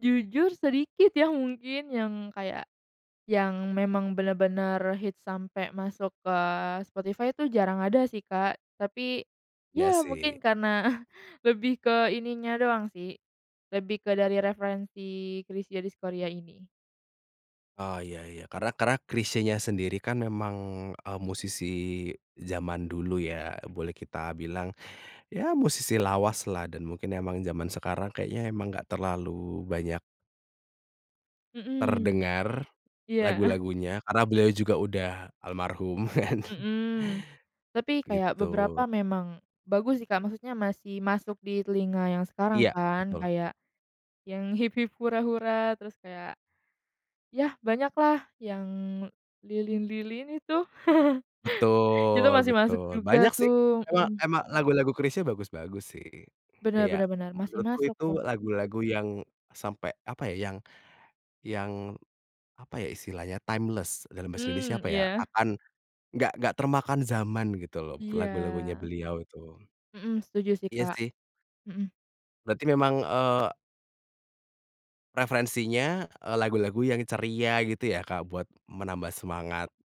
Jujur sedikit ya mungkin yang kayak, yang memang benar-benar hits sampai masuk ke Spotify itu jarang ada sih Kak, tapi, Iya ya sih. mungkin karena lebih ke ininya doang sih, lebih ke dari referensi Chrisye Diskoria ini. Oh iya iya karena kerak Chrisyenya sendiri kan memang, eee, musisi zaman dulu ya boleh kita bilang, ya musisi lawaslah dan mungkin emang zaman sekarang kayaknya emang enggak terlalu banyak Mhm, terdengar, iya. lagu-lagunya, karena beliau juga udah almarhum kan. Mhm, tapi kayak Gitu. beberapa memang bagus sih Kak, maksudnya masih masuk di telinga yang sekarang Iya, kan betul. kayak, yang "Hip-Hip Hura-Hura" terus kayak, ya banyaklah yang Lilin-Lilin itu, itu Betul, masih masuk betul juga banyak sih, tuh, emang mhm. emang lagu-lagu Chrisye bagus-bagus sih, Benar kayak benar benar, masih menurutku masuk itu tuh. lagu-lagu yang sampai apa ya yang, yang apa ya, istilahnya timeless dalam bahasa Indonesia Mmm, apa ya, iya. akan, enggak enggak termakan zaman gitu loh lagu-lagunya Iya. beliau itu. Mhm, setuju sih, Iya Kak, sih. mhm. Berarti memang, eee Preferensinya, eee, lagu-lagu yang ceria gitu ya, Kak, buat menambah semangat.